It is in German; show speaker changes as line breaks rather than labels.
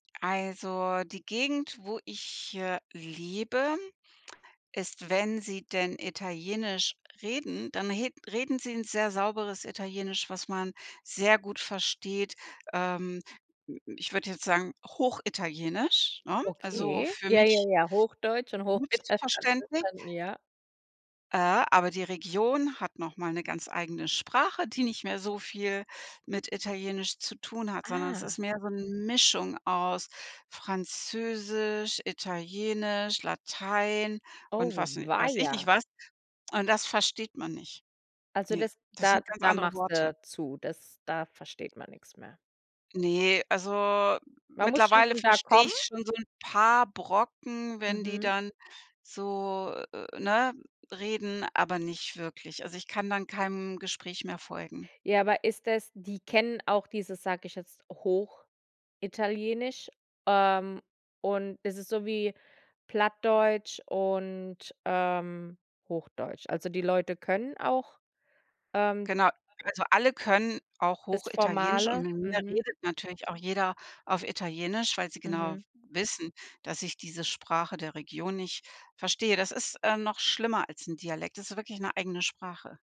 Also, die Gegend, wo ich, äh, lebe, ist, wenn sie denn Italienisch reden, dann he reden sie 'n sehr sauberes Italienisch, was man sehr gut versteht. Ähm, m m ich würde jetzt sagen, hochitalienisch, ne, also
Okay.
für
Ja, ja,
mich
ja, Hochdeutsch und
gut
Hochital [unintelligible]
verständlich.
verstanden, ja.
Äh, aber die Region hat noch mal 'ne ganz eigene Sprache, die nicht mehr so viel mit Italienisch zu tun hat, sondern es ist
Ah.
mehr so 'n Mischung aus Französisch, Italienisch, Latein und
Oh,
was n weiß ich nicht
weia.
was. Und das versteht man nicht.
Also
Ne,
das
das
da
sind ganz
da
andere
machst
Worte.
du zu. Das da versteht man nix mehr.
Ne, also
Man muss schon
mittlerweile
von da
verstehe
kommen?
ich schon so 'n paar Brocken, wenn die
Mhm.
dann so, äh, äh, ne, reden, aber nicht wirklich. Also, ich kann dann keinem Gespräch mehr folgen.
Ja, aber ist das die kennen auch dieses, sage ich jetzt, Hochitalienisch? Ähm, und ist das so wie Plattdeutsch und, ähm, Hochdeutsch? Also, die Leute können auch, ähm
Genau. Also alle können auch
das
Hochitalienisch und
formale?
mit mir
Mhm.
redet natürlich auch jeder auf Italienisch, weil sie genau
Mhm.
wissen, dass ich diese Sprache der Region nicht verstehe. Das ist, äh, noch schlimmer als 'n Dialekt. Das ist wirklich 'ne eigene Sprache.